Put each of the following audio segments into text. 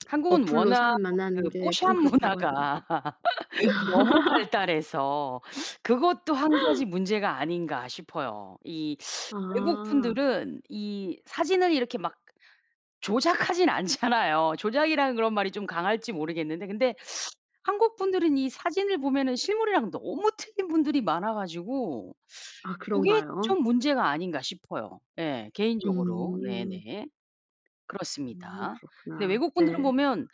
한국은 어플로 워낙 사람 만나는 그 게 좀 포샵 그렇다고 문화가 하더라고요. 너무 발달해서 그것도 1 가지 문제가 아닌가 싶어요. 이 외국 아. 분들은 이 사진을 이렇게 막 조작하진 않잖아요. 조작이라는 그런 말이 좀 강할지 모르겠는데 근데 한국 분들은 이 사진을 보면은 실물이랑 너무 틀린 분들이 많아가지고 아 고게 그런가요? 좀 문제가 아닌가 싶어요 예 개인적으로. 음. 네네. 음 그렇습니다. 근데 그렇구나. 외국 분들은 네. 보면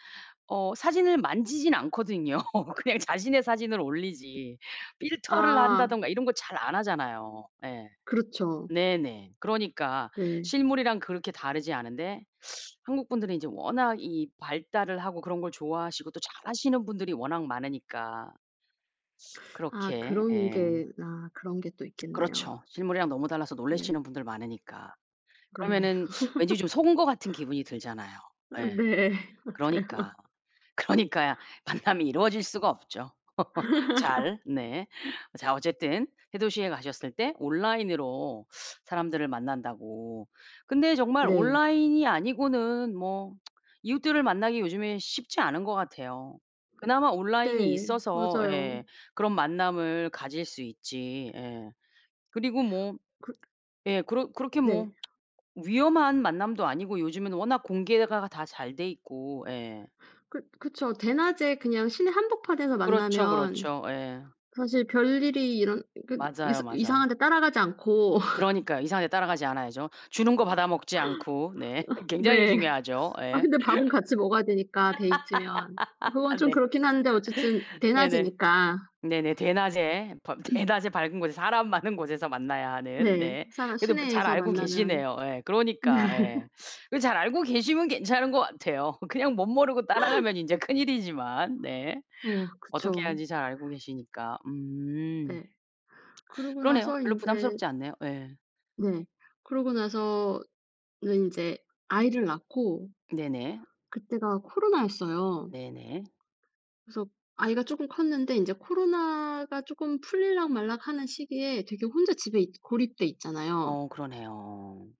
어 사진을 만지진 않거든요. 그냥 자신의 사진을 올리지. 필터를 아. 한다든가 이런 거 잘 안 하잖아요. 예. 그렇죠. 네네. 그러니까 네. 실물이랑 그렇게 다르지 않은데 한국분들은 이제 워낙 이 발달을 하고 그런 걸 좋아하시고 또 잘하시는 분들이 워낙 많으니까 아 그렇게 그런 예. 게 아 그런 게 또 있겠네요. 그렇죠. 실물이랑 너무 달라서 네. 놀라시는 분들 많으니까. 네. 그러면은 왠지 좀 속은 것 같은 기분이 들잖아요. 예. 네. 맞아요. 그러니까. 그러니까 만남이 이루어질 수가 없죠 잘. 네. 자, 어쨌든 새 도시에 가셨을 때 온라인으로 사람들을 만난다고. 근데 정말 네. 온라인이 아니고는 뭐 이웃들을 만나기 요즘에 쉽지 않은 것 같아요. 그나마 온라인이 네. 있어서 맞아요. 예 그런 만남을 가질 수 있지. 예. 그리고 뭐 그 예. 그러 그렇게 뭐 네. 위험한 만남도 아니고 요즘에는 워낙 공개가 다 잘 돼있고. 예. 그 그쵸. 대낮에 그냥 시내 한복판에서 그렇죠, 만나면 그렇죠. 예. 사실 별일이 일언 그 그래도 맞아요, 이사 맞아요. 이상한 데 따라가지 않고 그러니까요. 이상한 데 따라가지 않아야죠. 주는 거 받아먹지 않고. 네. 굉장히 네. 중요하죠. 아 예. 근데 밥은 같이 먹어야 되니까 데이트면. 그건 좀 네. 그렇긴 한데 어쨌든 네네. 대낮이니까 네네. 대낮에 밤 대낮에 밝은 곳에 사람 많은 곳에서 만나야 하는 네. 네. 사는 그래도 뭐 잘 시내에서 알고 만나면 계시네요. 예. 그러니까 예. 잘 알고 계시면 괜찮은 것 같아요. 그냥 멋모르고 따라가면 인제 큰일이지만. 네. 어 어떻게 그쵸. 하는지 잘 알고 계시니까. 음. 예. 그러고 그러네요. 나서 별로 인제 부담스럽지 않네요. 예. 네. 그러고 나서는 인제 아이를 낳고 네네. 그때가 코로나였어요. 네네. 그래서 아이가 조금 컸는데 인제 코로나가 조금 풀릴락 말락 하는 시기에 되게 혼자 집에 이제 고립돼 있잖아요. 어 그러네요.